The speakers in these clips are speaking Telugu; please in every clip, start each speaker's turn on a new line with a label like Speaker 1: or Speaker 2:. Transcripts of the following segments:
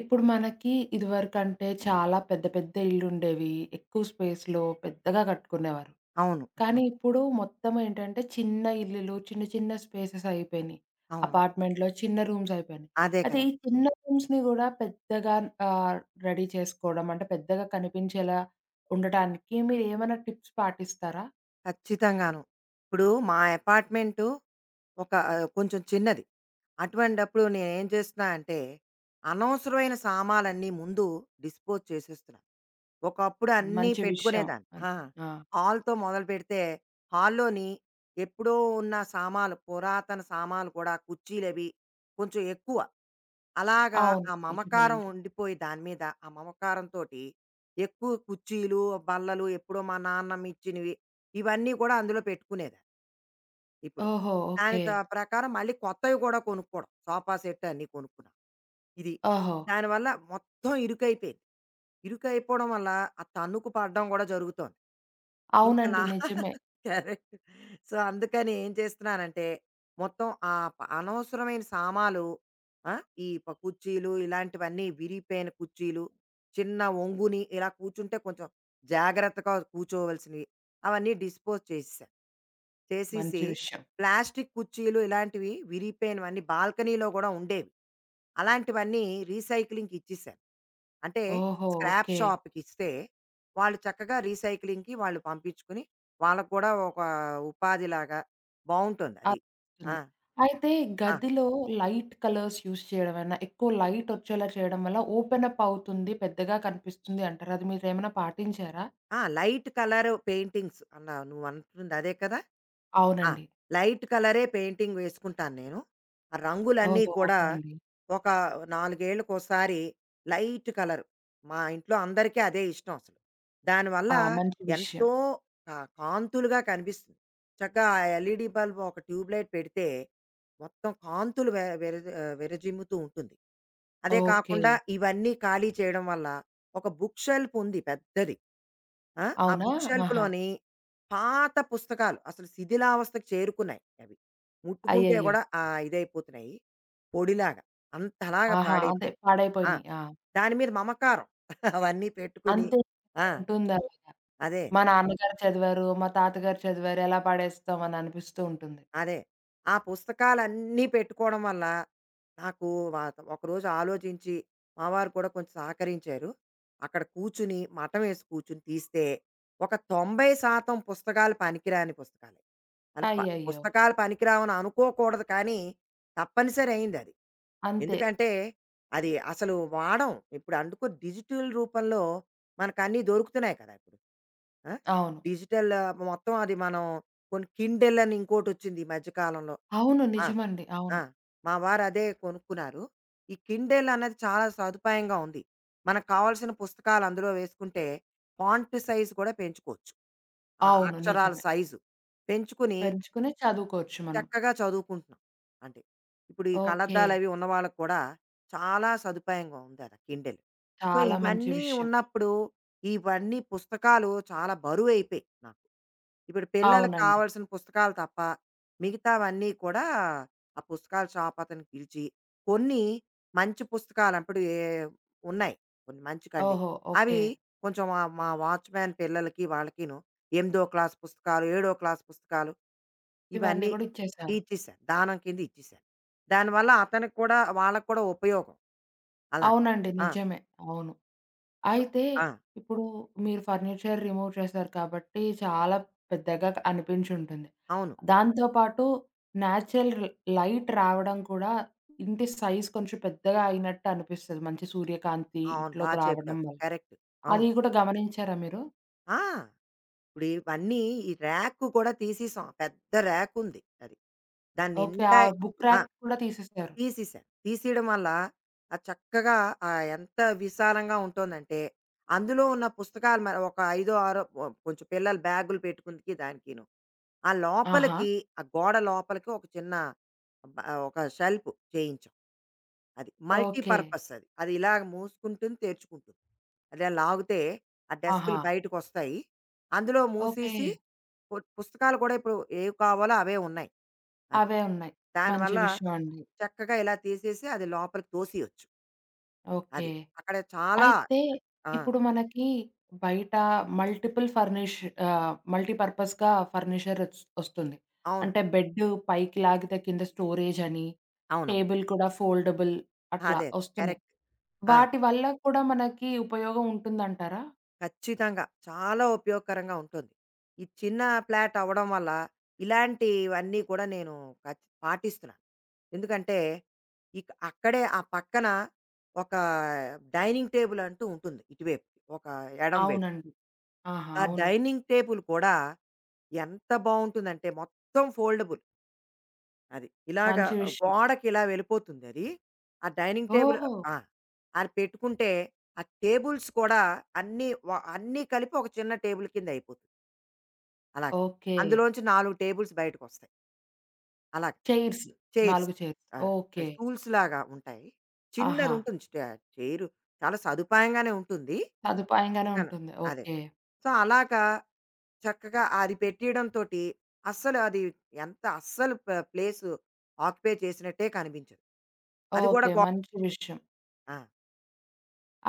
Speaker 1: ఇప్పుడు మనకి ఇదివరకంటే చాలా పెద్ద, పెద్ద ఇల్లుండేవి. ఎక్కువ స్పేస్‌లో పెద్దగా కట్టుకునేవారు.
Speaker 2: అవును. ఆహా!
Speaker 1: కానీ ఇప్పుడు మొత్తం ఏంటంటే, చిన్న ఇల్లులు చిన్న, చిన్న స్పేసెస్ అయిపోయినయి.
Speaker 2: అవును.
Speaker 1: అపార్ట్‌మెంట్‌లో చిన్న రూమ్స్ అయిపోయినయి.
Speaker 2: అదే
Speaker 1: అదే
Speaker 2: కదా!
Speaker 1: ఈ చిన్న రూమ్స్‌ని కూడా పెద్దగా ఆహ్, రెడీ చేసుకోవడం అంటే, పెద్దగా కనిపించేలా ఉండటానికి మీరేమన్నా టిప్స్ పాటిస్తారా?
Speaker 2: ఖచ్చితంగాను. ఇప్పుడు మా యపార్ట్‌మెంటు ఒక ఆహ్, కొంచెం చిన్నది. అటువంటప్పుడు నేనేం చేస్తున్నా అంటే, అనవసరమైన సామాలన్నీ ముందు డిస్‌పోజ్ చేసేస్తున్నా. ఒకప్పుడు
Speaker 1: మంచి విషయం.
Speaker 2: అన్నీపెట్టుకునేదాన్ని.
Speaker 1: అన్
Speaker 2: ఆ!
Speaker 1: ఆ!
Speaker 2: హాల్‌తో మొదలుపెడితే, హాల్‌లోని ఎప్పుడో ఉన్న సామాలు పురాతన సామాలు కూడా, కుర్చీలవి కొంచెం ఎక్కువ. అలాగా
Speaker 1: అవును.
Speaker 2: ఆ మమకారం
Speaker 1: నిజమేనండి.
Speaker 2: ఉండిపోయి దాని మీద ఆ మమకారం తోటి ఎక్కువ కుర్చీలు, బల్లలు ఎప్పుడో మా నాన్నమ్మ ఇచ్చినవి. ఇవన్నీ కూడా అందులో పెట్టుకునేది. ఇప్పుడు.
Speaker 1: ఓహో! ఓకే.
Speaker 2: దానితో ప్రకారం మళ్ళీ కొత్తవి కూడా కొనుక్కోవడం, సోఫా సెటన్ని కొనుక్కున్నా. ఇది.
Speaker 1: ఓహో!
Speaker 2: దానివల్ల మొత్తం ఇరుకైపోయింది. ఇరుకైపోవడం వల్ల, ఆ తన్నుకు పడడం కూడా జరుగుతోంది. ఇంకా
Speaker 1: అవునండి.
Speaker 2: నా
Speaker 1: నిజమే.
Speaker 2: కరెక్ట్. సో, అందుకని ఏం చేస్తున్నానంటే, మొత్తం ఆప్ అనవసరమైన సామాలు ఆ! ఈ ప కుర్చీలు ఇలాంటివన్నీ విరిగిపోయిన కుర్చీలు, చిన్న వంగుని ఇలా కూర్చుంటే కొంచెం జాగ్రత్తగా కూర్చోవాల్సినవి, అవన్నీ డిస్‌పోజ్ చేసెసా. చేసేసి
Speaker 1: మంచి విషయం.
Speaker 2: ప్లాస్టిక్ కుర్చీలు ఇలాంటివి విరిగిపోయినవన్నీ బాల్కనీలో కూడా ఉండేవి. అలాంటివన్నీ రీసైక్లింగ్‌కి ఇచ్చిసా. అంటే
Speaker 1: ఓహో!
Speaker 2: Scrap
Speaker 1: okay.
Speaker 2: షాప్‌కిస్తే, వాళ్ళు చక్కగా రీసైక్లింగ్‌కి వాళ్ళు పంపించుకుని వాళ్ళకి కూడా ఒక ఉపాధిలాగా బావుంటొందది.
Speaker 1: అత్
Speaker 2: ఆ!
Speaker 1: తుంది. అయితే
Speaker 2: ఆ!
Speaker 1: గదిలో లైట్ కలర్స్ యూజ్ చేయడంవేవన్న, ఎక్కువ లైటొచ్చేలా చేయడం వల్ల, ఓపెన్ అప్ అవుతుంది, పెద్దగా కనిపిస్తుంది అంటారు. అది మీరేమైనా పాటించారా?
Speaker 2: ఆ! లైట్ కలర్ పెయింటింగ్స్ అన్నవు, నువ్వంటుందదే కదా! ఆ!
Speaker 1: అవునండి.
Speaker 2: లైట్ కలరే పెయింటింగ్ వేసుకుంటాను నేను. ఆ రంగులన్నీ
Speaker 1: ఓహో!
Speaker 2: కూడా
Speaker 1: ఓకే అండి.
Speaker 2: ఒక నాలుగేళ్లకోసారి లైట్ కలరు, మా ఇంట్లో అందరికీ అదే ఇష్టం అసలు. దానివల్ల
Speaker 1: ఆ! మంచి విషయం.
Speaker 2: ఎంతో క కాంతులుగా కనిపిస్తుంది. చక్కగా ఆ ఎల్‌ఈడి బల్బ్ ఒక ట్యూబ్ లైట్ పెడితే, మొత్తం కాంతులు వె వెర జ ఆహ్, వేరజిమ్ముతూ ఉంటుంది. అదే కాకుండా
Speaker 1: ఓకే.
Speaker 2: ఇవన్నీ ఖాళీ చేయడం వల్ల ఒక బుక్ షెల్ఫ్ ఉంది పెద్దది. ఆ! ఆ
Speaker 1: అవునా?
Speaker 2: బుక్
Speaker 1: ఆహా!
Speaker 2: షెల్ఫ్‌లోని పాత పుస్తకాలు అసలు శిథిలావస్థకు చేరుకున్నాయి అవి. ముట్టుకుంటే
Speaker 1: అయ్యయ్యో!
Speaker 2: కూడా ఆహ్, ఇదైపోతున్నాయి పొడిలాగా అంతలాగా
Speaker 1: ఆహా! అంతే
Speaker 2: పాడైపోయినాయి. ఆ!
Speaker 1: పాడైపోయినాయి. ఆ!
Speaker 2: దాని మీద మమకారం. అవన్నీ పెట్టుకొని.
Speaker 1: అంతే.
Speaker 2: ఆ!
Speaker 1: ఉంటుందలాగా.
Speaker 2: అదే.
Speaker 1: మా నాన్నగారు చదివారు, మా తాతగారు చదివారు ఎలా పడేస్తాం అని అనిపిస్తూ ఉంటుంది.
Speaker 2: అదే. ఆ పుస్తకాలన్నీ పెట్టుకోవడం వల్ల, నాకు వ ఒకరోజు ఆలోచించి మావారు కూడా కొంచెం సహకరించారు. అక్కడ కూర్చొని మఠమేసుకు కూర్చొని తీస్తే, ఒక 90 శాతం పుస్తకాలు పనికిరాని పుస్తకాలు. అంటే ప
Speaker 1: అయ్యయ్యో!
Speaker 2: పుస్తకాలు పనికిరావు అని అనుకోకూడదు కానీ తప్పనిసరైందది.
Speaker 1: అంతే!
Speaker 2: ఎందుకంటే అది అసలు వాడం. ఇప్పుడు అనుకో డిజిటల్ రూపంలో మనకు అన్నీ దొరుకుతున్నాయి కదా! ఆ!
Speaker 1: అవును.
Speaker 2: డిజిటల్ మొత్తం అది మనం కొన్ని కిండెల్ అని ఇంకోటొచ్చింది ఈ మధ్య కాలంలో.
Speaker 1: అవును.
Speaker 2: ఆ!
Speaker 1: నిజమండి.
Speaker 2: ఆ!
Speaker 1: అవును.
Speaker 2: మా వారదే కొనుక్కున్నారు. ఈ కిండెల్ అనేది చాలా సదుపాయంగా ఉంది. మనకు కావాల్సిన పుస్తకాలు అందులో వేసుకుంటే, ఫాంట్ సైజ్ కూడా పెంచుకోవచ్చు. ఆ
Speaker 1: అవును.
Speaker 2: అక్షరాల
Speaker 1: నిజమే.
Speaker 2: సైజు పెంచుకుని
Speaker 1: పెంచుకుని చదువుకోవచ్చు మనం.
Speaker 2: చక్కగా చదువుకుంటున్నాం. అంటే ఇప్పుడు ఈ
Speaker 1: ఓకే.
Speaker 2: కళ్ళద్దాలవి ఉన్నవాళ్ళక్కూడా, చాలా సదుపాయంగా ఉందాడ కిండెల్. సో,
Speaker 1: చాలా మంచి
Speaker 2: ఇవన్నీ
Speaker 1: విషయం.
Speaker 2: ఉన్నప్పుడు ఇవన్నీ పుస్తకాలు చాలా బరువైపోయాయి నాకు. ఇప్పుడు పిల్లలకి
Speaker 1: అవునండి.
Speaker 2: కావాల్సిన పుస్తకాలు తప్ప మిగతావన్నీ కూడా, ఆ పుస్తకాల షాప్ అతని పిలిచి కొన్ని మంచి పుస్తకాలప్పడవి ఎ ఉన్నాయి. కొన్ని మంచి కండిన్
Speaker 1: ఓహో! ఓకే.
Speaker 2: అవి కొంచెం వ మా వాచ్‌మ్యాన్ పిల్లలకి, వాళ్ళకిను ఎనిమిదో క్లాస్ పుస్తకాలు, ఏడో క్లాస్ పుస్తకాలు
Speaker 1: ఇవన్ని
Speaker 2: ఇవన్నీ
Speaker 1: గూడా ఇచ్చేసారు.
Speaker 2: ఇచ్చిసా. దానం కింద ఇచ్చిసా. దానివల్ల అతనికి కూడా వాళ్ళకి కూడా ఉపయోగం. అలాగా
Speaker 1: అవునండి
Speaker 2: ఆ!
Speaker 1: నిజమే. అవును.
Speaker 2: సో
Speaker 1: అయితే
Speaker 2: ఆ!
Speaker 1: ఇప్పుడు మీరు ఫర్నిచర్ రిమూవ్ చేసారు కాబట్టి, చాలా పెద్దగా అనిపించుంటుంది.
Speaker 2: అవును.
Speaker 1: దాంతో పాటు న్యాచురల్ లైట్ రావడం కూడా ఇంటి సైజ్ కొంచెం పెద్దగా అయినట్టనిపిస్తది. మంచి సూర్యకాంతి
Speaker 2: అవును. బా
Speaker 1: ఇంట్లోకి రావడం
Speaker 2: చెప్పావు
Speaker 1: వల్ల.
Speaker 2: కరెక్టు.
Speaker 1: అది
Speaker 2: అవును.
Speaker 1: కూడా గమనించారా మీరు?
Speaker 2: ఆ! ఇప్పుడు ఇవన్నీ ఈ ర్యాక్ కూడా తీసిశాం. పెద్ద ర్యాకుంది అది.
Speaker 1: ఓకే. ఆ
Speaker 2: దాన్నిండాయ్
Speaker 1: బుక్
Speaker 2: ఆ!
Speaker 1: ర్యాక్ కూడా తీసేశారు.
Speaker 2: తీసిశా. తీసియడం వల్ల అది చక్కగా ఆహ్, ఎంత విశాలంగా ఉంటోందంటే అందులో ఉన్న పుస్తకాలు మ ఒక ఐదో, ఆరో కొ కొంచెం పిల్లలు బ్యాగు‌లు పెట్టుకుంటికి దానికీను. ఆ
Speaker 1: ఆహా!
Speaker 2: లోపలికి ఆ గోడ లోపలికి ఒక చిన్న బ ఆహ్, ఒక షెల్ఫ్ చేయించాం. అది
Speaker 1: ఓకే.
Speaker 2: మల్టీపర్పస్ అది. అది ఇలాగ మూసుకుంటుంది తెర్చుకుంటుంది. అట్ల లాగుతే ఆ
Speaker 1: ఆహా!
Speaker 2: డెస్కు‌లు బయటికొస్తాయి. అందులో
Speaker 1: ఓకే.
Speaker 2: మూసేసి పు పుస్తకాలు కూడా ఇప్పుడు ఏవి కావాలో అవే ఉన్నాయి. అవి.
Speaker 1: అవే ఉన్నాయి. మంచి
Speaker 2: దానివల్ల
Speaker 1: విషయమండి.
Speaker 2: చక్కగా ఇలా తీసేసి అది లోపలికి తోసేయొచ్చు.
Speaker 1: ఓకే.
Speaker 2: అది. అక్కడ చాలా
Speaker 1: అయితే
Speaker 2: ఆ!
Speaker 1: ఇప్పుడు మనకి బయట మల్టిపుల్ ఫర్నిష్ ఆహ్, మల్టీపర్పస్‌గా ఫర్నిచర్ ఒస్ ఒస్తుంది.
Speaker 2: అవును.
Speaker 1: అంటే బెడ్డు పైకి లాగితే కింద స్టోరేజని,
Speaker 2: అవును.
Speaker 1: టేబుల్ కూడా ఫోల్డబుల్ అట్లా
Speaker 2: అదే. కరెక్ట్.
Speaker 1: ఒస్తున్నయి.
Speaker 2: ఆ!
Speaker 1: వాటి వల్ల కూడా మనకి ఉపయోగం ఉంటుందంటారా?
Speaker 2: ఖచ్చితంగా! చాలా ఉపయోగకరంగా ఉంటుంది. ఈ చిన్న ఫ్లాటవ్వడం వల్ల ఇలాంటివన్నీ కూడా నేను ఖచ్ పాటిస్తున్నాను. ఎందుకంటే ఇక్ అక్కడే ఆ పక్కన ఒకా డైనింగ్ టేబులంటూ ఉంటుంది ఇటువైపు ఒక ఎడమ వైపు.
Speaker 1: అవునండి. ఆహా!
Speaker 2: ఆ
Speaker 1: అవును.
Speaker 2: డైనింగ్ టేబుల్ కూడా ఎంత బావుంటుందంటే మొత్తం ఫోల్డబుల్. అది. ఇలాగ
Speaker 1: మంచి
Speaker 2: అ
Speaker 1: విషయం.
Speaker 2: గోడకిలా వెళ్ళిపోతుందది. ఆ డైనింగ్ టేబుల్
Speaker 1: ఓహో!
Speaker 2: ఆ! అది పెట్టుకుంటే ఆ టేబుల్స్ కూడా అన్ని వ అన్నీ కలిపి ఒక చిన్న టేబుల్ కింద అయిపోతుంది. అలాగ.
Speaker 1: ఓకె.
Speaker 2: అందులోంచి 4 టేబుల్స్ బయటకొస్తాయి. అలాగా!
Speaker 1: చైర్స్.
Speaker 2: Chairs
Speaker 1: 4 chairs.
Speaker 2: ఆహ్, ఆ
Speaker 1: ఓకె.
Speaker 2: స్టూల్స్‌లాగా ఉంటాయి.
Speaker 1: ఆహా!
Speaker 2: చిన్నదుంటుంది స్ట్ చైర్ చాలా సదుపాయంగానే ఉంటుంది.
Speaker 1: సదుపాయంగానే
Speaker 2: చన
Speaker 1: ఉంటుంది.
Speaker 2: అదే.
Speaker 1: ఓకె.
Speaker 2: సో అలాగా చక్కగా అది పెట్టేయడం తోటి అస్సలు అది ఎంత అస్సలు ప ప్లేస్ ఆక్యుపై చేసినట్టే కనిపించదు. అది గూడా
Speaker 1: ఓకె.
Speaker 2: గో
Speaker 1: మంచి విషయం.
Speaker 2: ఆ!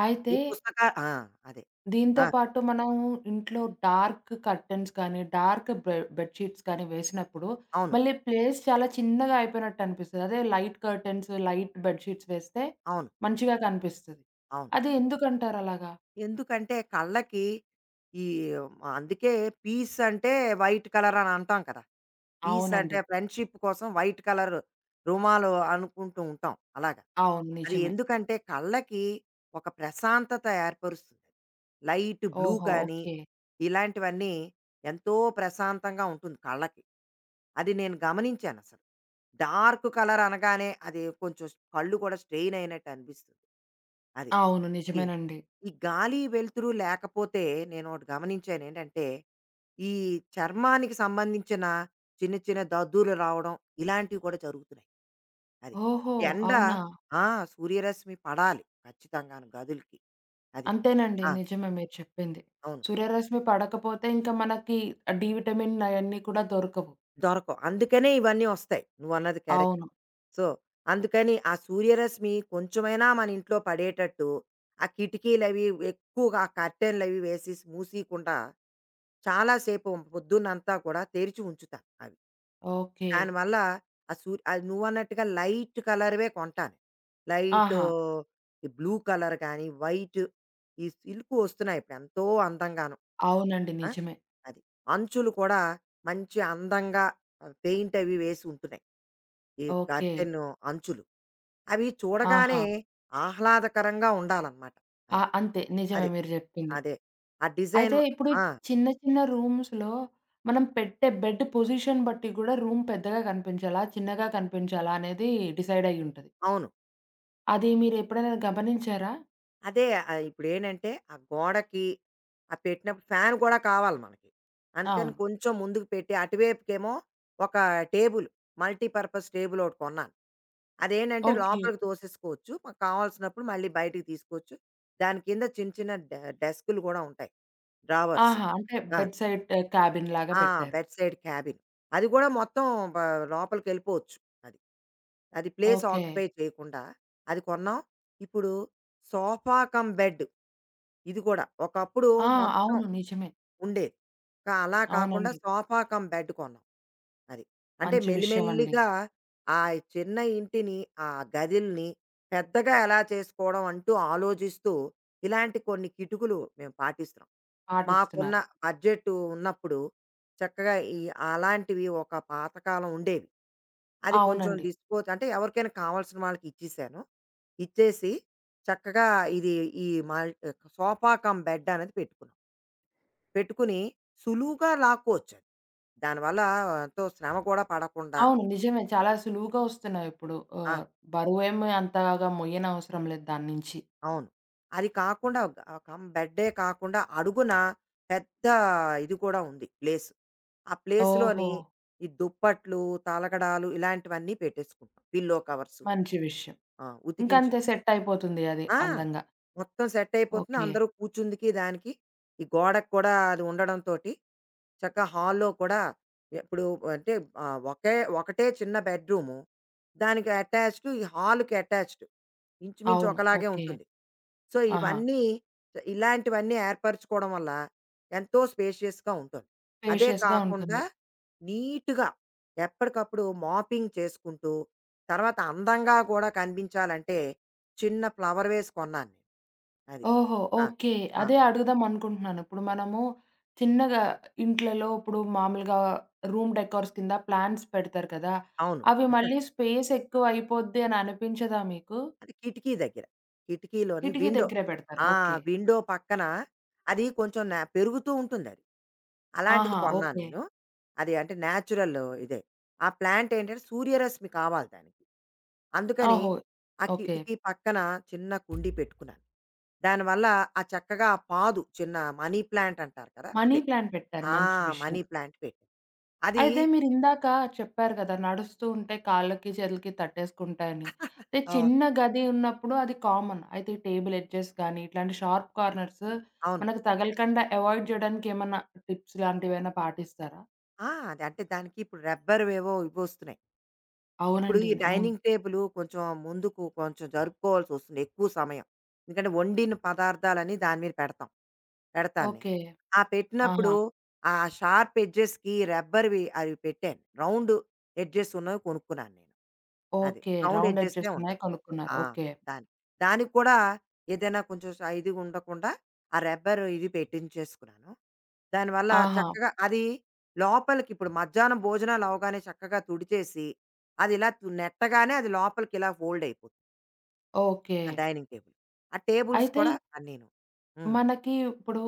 Speaker 1: అయితే
Speaker 2: ఈ పుస్తక ఆ! అదే.
Speaker 1: దీంతో
Speaker 2: ఆ!
Speaker 1: పాటు మనము ఇంట్లో డార్క్ కర్టెన్స్ కానీ బె బెడ్ షీట్స్ కానీ వేసినప్పుడు
Speaker 2: అవును.
Speaker 1: మళ్ళీ ప్లేస్ చాలా చిన్నగా అయిపోయినట్టనిపిస్తది. అదే light curtains, light bed sheets వేస్తే
Speaker 2: అవును.
Speaker 1: మంచిగా కనిపిస్తది.
Speaker 2: అవును.
Speaker 1: అది ఎందుకంటారలాగా?
Speaker 2: ఎందుకంటే కళ్ళకి ఈ అందుకే పీస్ అంటే వైట్ కలర్ అనంటాం కదా! పీస్ అంటే
Speaker 1: అవునండి.
Speaker 2: ఫ్రెండ్‌షిప్ కోసం వైట్ కలర్ రుమాలు అనుకుంటూ ఉంటాం అలాగ.
Speaker 1: అవును.
Speaker 2: అది
Speaker 1: నిజమే.
Speaker 2: ఎందుకంటే కళ్ళకి, ఒక ప్రశాంతత ఏర్పరుస్తుంది. లైట్ బ్లూ
Speaker 1: ఓహో!
Speaker 2: కాని
Speaker 1: ఓకె.
Speaker 2: ఇలాంటివన్నీ ఎంతో ప్రశాంతంగా ఉంటుంది కళ్ళకి. అది నేను గమనించానసలు. డార్కు కలర్ అనగానే అది కొంచెం స్ కళ్ళు కూడా స్ట్రెయిన్ అయినట్టు అనిపిస్తుంది. అది.
Speaker 1: అవును.
Speaker 2: ఈ
Speaker 1: నిజమేనండి.
Speaker 2: ఈ గాలి, వెలుతురు లేకపోతే, నేను ఓటి గమనించాను. ఏంటంటే, ఈ చర్మానికి సంబంధించిన చిన్న చిన్న దద్దుర్లు రావడం, ఇలాంటివి కూడా జరుగుతున్నాయి. అది.
Speaker 1: ఓహో!
Speaker 2: ఎండ
Speaker 1: అవునా?
Speaker 2: ఆ! సూర్యరశ్మి పడాలి. ఖచ్చితంగాను గదులకి. అది.
Speaker 1: అంతేనండి.
Speaker 2: ఆ!
Speaker 1: నిజమే మీరు చెప్పింది.
Speaker 2: అవును.
Speaker 1: సూర్యరశ్మి పడకపోతే ఇంక మనకి డీ విటమిన్ అయన్నీ కూడా దొరకవు.
Speaker 2: దొరకవు. అందుకనే ఇవన్నీ వస్తాయి. నువ్వన్నది కరెక్ట్.
Speaker 1: అవును.
Speaker 2: సో, అందుకని ఆ సూర్యరశ్మి, కొంచెమైనా మనింట్లో పడేటట్టు, ఆ కిటికీలవి ఎక్కువగా కర్టెన్లు అవి వేసేసి మూసేయకుండా, చాలా సేపు పొద్దునంతా కూడా తెరిచి ఉంచుతా అవి.
Speaker 1: ఓకె.
Speaker 2: దాని వల్ల, ఆ సూర్ నువ్వు అన్నట్టుగా లైట్ కలర్‌వే కొంటాను. లైట్
Speaker 1: ఆహా!
Speaker 2: బ్లూ కలర్ కానీ, వైట్ ఈ సిల్క్‌వొస్తున్నాయి ఎంతో అందంగాను
Speaker 1: అవునండి.
Speaker 2: ఆ!
Speaker 1: నిజమే.
Speaker 2: అది. అంచులు కూడా మంచి అందంగా అ పెయింట్ అవి వేసి ఉంటున్నాయి ఈ
Speaker 1: ఓకె.
Speaker 2: కర్టెన్ అంచులు. అవి చూడగానే
Speaker 1: ఆహా!
Speaker 2: ఆహ్లాదకరంగా ఉండాలన్నమాట.
Speaker 1: ఆ!
Speaker 2: అది.
Speaker 1: అంతే. నిజమే
Speaker 2: అది.
Speaker 1: మీరు జెప్పింది.
Speaker 2: అదే. ఆ డిజైన్
Speaker 1: అయితే ఇప్పుడు
Speaker 2: ఆ!
Speaker 1: చిన్న చిన్న రూమ్స్‌‌‌లో మనం పెట్టే బెడ్ పొజిషన్ బట్టి గూడా రూమ్ పెద్దగా కనిపించాలా? చిన్నగా కనిపించాలా? అనేది డిసైడ్ అయ్యుంటది.
Speaker 2: అవును.
Speaker 1: అది మీరెప్పుడైనా గమనించారా?
Speaker 2: అదే ఆహ్, ఇప్పుడేంటంటే, ఆ గోడకి ఆ పెట్టినప్పుడు ఫ్యాన్ గూడా కావాలి మనకి. అందుకని
Speaker 1: అవును.
Speaker 2: కొంచెం ముందుకు పెట్టి అటువైపుకేమో ఒకా టేబులు, మల్టీ పర్పస్ టేబులొకటి కొన్నాను. అదేంటంటే,
Speaker 1: ఓకే.
Speaker 2: లోపలికి తోసేసుకోవచ్చు. మ కావాల్సినప్పుడు మళ్ళీ బయటికి తీసుకోవచ్చు. దాని కింద చిన్న, చిన్న డె డెస్కు‌లు గూడా ఉంటాయి. డ్రావర్స్
Speaker 1: ఆహా! అంటే
Speaker 2: గాను.
Speaker 1: బెడ్ సైట్ క్యాబిన్ లాగా
Speaker 2: ఆ!
Speaker 1: పెట్టారు.
Speaker 2: Bed side cabin. అది గూడా మొత్తం బా లోపలికెళ్ళిపోవచ్చు. అది. అది ప్లేస్
Speaker 1: ఓకే.
Speaker 2: ఆక్యుపై చేయకుండా, అది కొన్నాం. ఇప్పుడు సోఫా కమ్ బెడ్, ఇది గూడా. ఒకప్పుడు
Speaker 1: ఆ!
Speaker 2: మొత్తం
Speaker 1: అవును. నిజమే.
Speaker 2: ఉండేది. కా అలా కాకుండా
Speaker 1: అవునండి.
Speaker 2: సోఫా కమ్ బెడ్ కొన్నాం. అది. అంటే
Speaker 1: మంచి విషయవండి.
Speaker 2: మెల్లిమెల్లిగా ఆ చిన్న ఇంటిని, ఆ గదిల్ని పెద్దగా ఎలా చేసుకోవడం అంటూ ఆలోజిస్తూ, ఇలాంటి కొన్ని కిటుకులు మేం పాటిస్తున్నాం. మాకున్న
Speaker 1: పాటిస్తున్నారు.
Speaker 2: బడ్జెటు ఉన్నప్పుడు, చక్కగా ఈ అలాంటివి ఒక పాతకాలం ఉండేవి. అది కొంచెం
Speaker 1: అవునండి.
Speaker 2: డిస్‌పోజ్ అంటే ఎవరికైనా కావాల్సిన వాళ్ళకిచ్చేశాను. ఇచ్చేసి, చక్కగా ఇది ఈ మల్ ట్ సోఫా కమ్ బెడ్డనేది పెట్టుకున్నాం. పెట్టుకుని, సులువుగా లాక్కోవచ్చది. దానివల్ల ఎంతో శ్రమ కూడా పడకుండా
Speaker 1: అవును. నిజమే. చాలా సులువుగా వస్తున్నాయి ఇప్పుడు.
Speaker 2: ఆ!
Speaker 1: ఆహ్, బరువేమి అంతగా మొయ్యనవసరం లేదు దాన్నించి.
Speaker 2: అవును. అది కాకుండా అ కమ్ బెడ్డే కాకుండా, అడుగున పెద్దా ఇది కూడా ఉంది, ప్లేస్. ఆ ప్లేస్‌లోని
Speaker 1: ఓహో!
Speaker 2: ఈ దుప్పట్లు, తలగడ్లు, ఇలాంటివన్నీ పెట్టేసుకుంటాం, పిల్లో కవర్సు.
Speaker 1: మంచి విషయం.
Speaker 2: ఆ! ఉతికించే
Speaker 1: ఇంకంతే సెట్టయిపోతుంది అది,
Speaker 2: ఆ!
Speaker 1: అందంగా.
Speaker 2: మొత్తం సెట్టయిపోతుంది.
Speaker 1: ఓకే.
Speaker 2: అందరూ కూర్చుందికి, దానికి ఈ గోడకు కూడా అది ఉండడంతోటి చక్కగా హాల్‌లో కూడా, ఎప్పుడు అంటే ఆహ్, ఒకే ఒకటే చిన్న బెడ్‌రూము. దానికి అటాచ్డ్ ఈ హాల్‌కి అటాచ్డ్.
Speaker 1: అవును.
Speaker 2: ఇంచుమించొకలాగే
Speaker 1: ఓకే.
Speaker 2: ఉంటుంది. సో,
Speaker 1: ఆహా!
Speaker 2: ఇవన్నీ స ఇలాంటివన్నీ ఏర్పరుచుకోవడం వల్ల, ఎంతో స్పేషియస్‌గా ఉంటారు. అదే
Speaker 1: స్పేషియస్‌గా ఉంటుంది.
Speaker 2: కాకుండా, నీట్‌గా ఎప్పడికప్పుడు మాపింగ్ చేసుకుంటూ, తర్వాత అందంగా గూడా కనిపించాలంటే, చిన్న ఫ్లవర్ వేస్ కొన్నాను నేను. అది.
Speaker 1: ఓహో!
Speaker 2: ఆ!
Speaker 1: ఓకే.
Speaker 2: ఆ!
Speaker 1: అదే అడుగుదామనుకుంటున్నాను. ఇప్పుడు మనము, చిన్నగా ఇంట్లలో ఇప్పుడు మామూలుగా రూమ్ డెకార్స్ కింద ప్లాంట్స్ పెడతారు కదా!
Speaker 2: అవును.
Speaker 1: అవి మళ్ళీ స్పేసెక్కువయిపోద్ది అననిపించదా మీకు?
Speaker 2: అది కిటికీ దగ్గర. కిటికీలోని
Speaker 1: కిటికీ
Speaker 2: విండో.
Speaker 1: దెగ్గెరే పెడతారు.
Speaker 2: ఆ!
Speaker 1: ఓకే.
Speaker 2: విండో పక్కన, అదీ కొంచెం నా పెరుగుతూ ఉంటుందది. అలాంటిది
Speaker 1: ఆహా!
Speaker 2: కొన్నా
Speaker 1: ఓకే.
Speaker 2: నేను. అది అంటే న్యాచురల్ ఇదే. ఆ ప్లాంట్ ఏంటంటే, సూర్యరశ్మి కావాలి దానికి. అందుకని,
Speaker 1: ఓహో!
Speaker 2: ఆ
Speaker 1: ఓకే.
Speaker 2: కిటికీ పక్కన చిన్న కుండీ పెట్టుకున్నాను. దానివల్ల ఆ చక్కగా ఆ పాదు, చిన్న మనీ ప్లాంట్ అంటారు కదా!
Speaker 1: మనీ
Speaker 2: అదే.
Speaker 1: ప్లాంట్ పెట్టారు.
Speaker 2: ఆ!
Speaker 1: మంచి విషయం.
Speaker 2: మనీ ప్లాంట్ పెట్టా. అదీ
Speaker 1: అయితే మీరిందాక చెప్పారు గదా! నడుస్తూ ఉంటే, కాళ్ళకి చేతులకి తట్టేసుకుంటాయని.
Speaker 2: అవును.
Speaker 1: చిన్న గది ఉన్నప్పుడు అది కామన్. అయితే ఈ టేబుల్ ఎడ్జెస్ గానీ, ఇట్లాంటి షార్ప్ కార్నర్స్,
Speaker 2: అవును.
Speaker 1: మనకు తగలకండా అవాయిడ్ జేయడానికేమన్నా టిప్స్ లాంటివేవన్నా పాటిస్తారా?
Speaker 2: ఆ! అది అంటే దానికి ఇప్పుడు రబ్బర్ ఏవో ఇవొస్తున్నాయి. ఇప్పుడు
Speaker 1: అవునండి.
Speaker 2: ఈ
Speaker 1: అవును.
Speaker 2: డైనింగ్ టేబులు కొంచెం ముందుకు కొంచెం జరుపుకోవాల్సొస్తుంది ఎక్కువ సమయం. ఎందుకంటే వండిన పదార్థాలనీ దాని మీద పెడతాం. పెడతాను నేను.
Speaker 1: ఓకే.
Speaker 2: ఆ పెట్టినప్పుడు
Speaker 1: ఆహా!
Speaker 2: ఆ షార్ప్ ఎడ్జెస్‌కి రబ్బర్‌వి అవి పెట్టాను రౌండ్ ఎడ్జెస్ ఉన్నవి కొనుక్కున్నాను నేను. అది.
Speaker 1: ఓకే.
Speaker 2: రౌండ్
Speaker 1: రౌండ్
Speaker 2: ఎడ్జెస్‌నే
Speaker 1: అడ్జస్ట్ ఉన్నాయి
Speaker 2: ఉంటాయి.
Speaker 1: కనుక్కున్నారు.
Speaker 2: ఆ!
Speaker 1: ఓకే.
Speaker 2: దానికి. దానికి కూడా ఏదైనా కొంచెం శై ఇది ఉండకుండా ఆ రబ్బర్ ఇది పెట్టించేసుకున్నాను. దానివల్ల
Speaker 1: ఆహా!
Speaker 2: చక్కగా అది లోపలికి ఇప్పుడు మధ్యాహ్నం భోజనాలు అవ్వగానే చక్కగా తుడిచేసి అదిలా నెట్టగానే అది లోపలికిలా ఫోల్డ్ అయిపోతుంది. ఆ
Speaker 1: ఓకే.
Speaker 2: Dining table. ఆ టేబుల్స్
Speaker 1: అయితే
Speaker 2: కూడా అన్నీను హ్మ్.
Speaker 1: మనకి ఇప్పుడు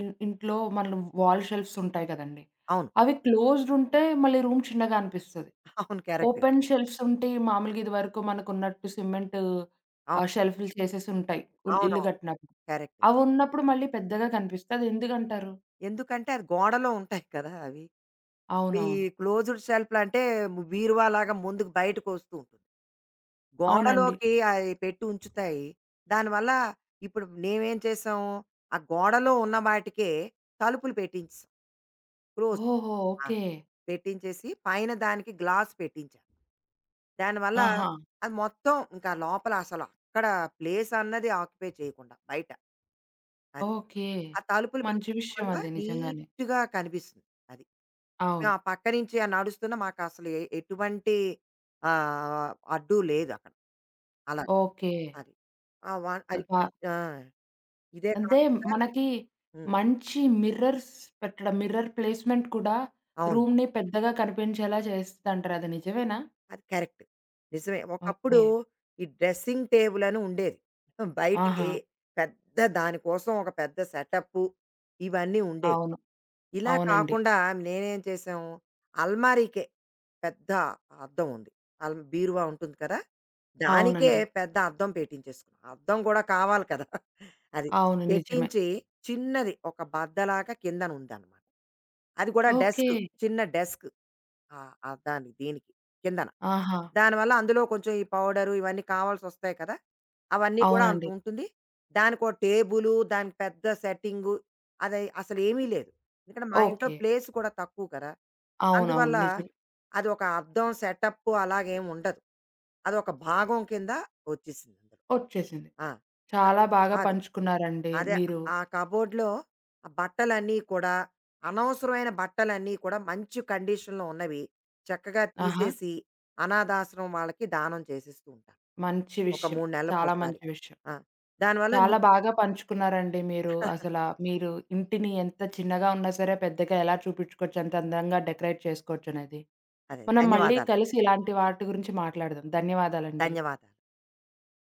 Speaker 1: ఇన్ ఇంట్లో మన వాల్ షెల్ఫ్‌స్ ఉంటాయి గదండీ.
Speaker 2: అవును.
Speaker 1: అవి క్లోజ్డ్ ఉంటే మళ్ళీ రూమ్ చిన్నగా అనిపిస్తది.
Speaker 2: అవును. కరెక్ట్.
Speaker 1: ఓపెన్ షెల్ఫ్‌స్ ఉంటే మామూలుగా ఇది వరకు మనకు ఉన్నట్టు సిమెంటు
Speaker 2: అవ్
Speaker 1: ఆహ్, షెల్ఫ్‌లు చేసేసి ఉంటాయి. ఉల్ ఇల్లు
Speaker 2: అవునవును.
Speaker 1: గట్టినప్పుడు.
Speaker 2: కరెక్ట్.
Speaker 1: అవున్నప్పుడు మళ్ళీ పెద్దగా కనిపిస్తది. ఎందుకంటారు?
Speaker 2: ఎందుకంటే, అది గోడలో ఉంటాయి కదా! అవి. ఇప్పుడు ఈ
Speaker 1: అవునవును.
Speaker 2: క్లోజ్డ్ షెల్పులు అంటే బీరువాలగా ముందుకు బయటకి ఒస్తూ ఉంటుంది.
Speaker 1: అవునండి.
Speaker 2: గోడలోకి అయి పెట్టి ఉంచుతాయి. దానివల్ల ఇప్పుడు నేమేం చేసాం? ఆ గోడలో ఉన్న వాటికే తలుపులు పెట్టించేసాం. క్లోస్
Speaker 1: ఓహో!
Speaker 2: ఆ!
Speaker 1: ఓకే.
Speaker 2: పెట్టించేసి పైన దానికి గ్లాస్ పెట్టించా. దాని వల్ల
Speaker 1: ఆహా!
Speaker 2: అది మొత్తం ఇంకా లోపల అసలు అక్కడ ప్లేస్ అన్నది ఆక్యుపై చేయకుండా బయట. అది.
Speaker 1: ఓకే.
Speaker 2: ఆ తలుపులు
Speaker 1: మంచి
Speaker 2: పెట్టీడం
Speaker 1: విషయం
Speaker 2: వల్ల
Speaker 1: అది నిజంగానే.
Speaker 2: నీట్‌గా కనిపిస్తుంది. అది. మేం
Speaker 1: అవును.
Speaker 2: ఆ పక్కనుంచి ఆ నడుస్తున్న మాకసలు ఎ ఎటువంటి ఆహ్, అడ్డు లేదు అక్కడ. అలా.
Speaker 1: ఓకే.
Speaker 2: అది. ఆ వా అది ఈ
Speaker 1: అక
Speaker 2: ఆ! ఇదే
Speaker 1: అంతే
Speaker 2: కాకుండా
Speaker 1: మనకి
Speaker 2: హ్మ్.
Speaker 1: మంచి మిర్రర్స్ పెట్టడం మిర్రర్ ప్లేస్మెంట్ కూడా
Speaker 2: అవును.
Speaker 1: రూమ్‌ని పెద్దగా కనిపించేలా చేస్తదంటారు. అది నిజమేనా?
Speaker 2: అది కరెక్ట్. నిజమే. ఒకప్పుడు
Speaker 1: ఓకే.
Speaker 2: ఈ డ్రెసింగ్ టేబుల్ అని ఉండేది. మొత్తం బయటికి
Speaker 1: ఆహా!
Speaker 2: పెద్ద దాని కోసం ఒక పెద్ద సెటప్పు, ఇవన్నీ ఉండేవి.
Speaker 1: అవును.
Speaker 2: ఇలా
Speaker 1: అవునండి.
Speaker 2: కాకుండా మేమేంచేశాం అల్మారికే పెద్ద అద్దం ఉంది. అల్ బీరువా ఉంటుంది కదా! దానికే
Speaker 1: అవునండి.
Speaker 2: పెద్ద అద్దం పెట్టించేసుకున్నాం. అద్దం కూడా కావాలి కదా! అది.
Speaker 1: అవును. నిజమే.
Speaker 2: పెట్టించి, చిన్నది ఒక బద్దలాగా కింద ఉందన్నంట. అది కూడా డెస్క్
Speaker 1: ఓకే.
Speaker 2: చిన్న డెస్క్. ఆ! అద్దాని దీనికి కిందన.
Speaker 1: ఆహా!
Speaker 2: దానివల్ల అందులో కొంచెం ఈ పౌడరు, ఇవన్నీ కావాల్సొస్తాయి కదా! అవన్నీ కూడా
Speaker 1: అవునండి.
Speaker 2: అంతుంటుంది. దానికొ టేబులు, దానికి పెద్ద సెట్టింగు అదై అసలు ఏమీ లేదు. ఎందుకంటే మా ఇంట్లో
Speaker 1: ఓకే.
Speaker 2: ప్లేస్ కూడా తక్కువ కదా!
Speaker 1: అవునవును.
Speaker 2: అందువల్ల,
Speaker 1: నిజం.
Speaker 2: అది ఒక అద్దం సెటప్ అలాగా ఏం ఉండదు. అదొక భాగం కింద ఒచ్చేసింది.
Speaker 1: ఒచ్చేసింది.
Speaker 2: ఆ!
Speaker 1: చాలా బాగా
Speaker 2: అదే.
Speaker 1: పంచుకున్నారండి
Speaker 2: అదే.
Speaker 1: మీరు.
Speaker 2: అ ఆ కబోర్డ్‌లో ఆ బట్టలన్నీ కూడా అనవసరమైన బట్టలన్నీ కూడా మంచి కండిషన్‌లో ఉన్నవి, చక్కగా
Speaker 1: ఆహా!
Speaker 2: తీసేసి, అనాధాశ్రమం వాళ్ళకి దానం చేసేస్తూ ఉంటాను.
Speaker 1: మంచి
Speaker 2: ఒక
Speaker 1: విషయం.
Speaker 2: 3
Speaker 1: చాలా
Speaker 2: నెలలకోసారి.
Speaker 1: మంచి విషయం.
Speaker 2: ఆ! దానివల్ల ని
Speaker 1: చాలా బాగా పంచుకున్నారండి మీరు, అసల మీరు ఇంటిని ఎంత చిన్నగా ఉన్నా సరే పెద్దగా ఎలా చూపించుకోవచ్చు, అంత అందంగా డెకరేట్ చేసుకోవచ్చనేది.
Speaker 2: అదే.
Speaker 1: మనం మళ్ళీ
Speaker 2: ధన్యవాదాలు.
Speaker 1: కలిసి ఇలాంటి వాటి గురించి మాట్లాడదాం. ధన్యవాదాలండి.
Speaker 2: ధన్యవాద్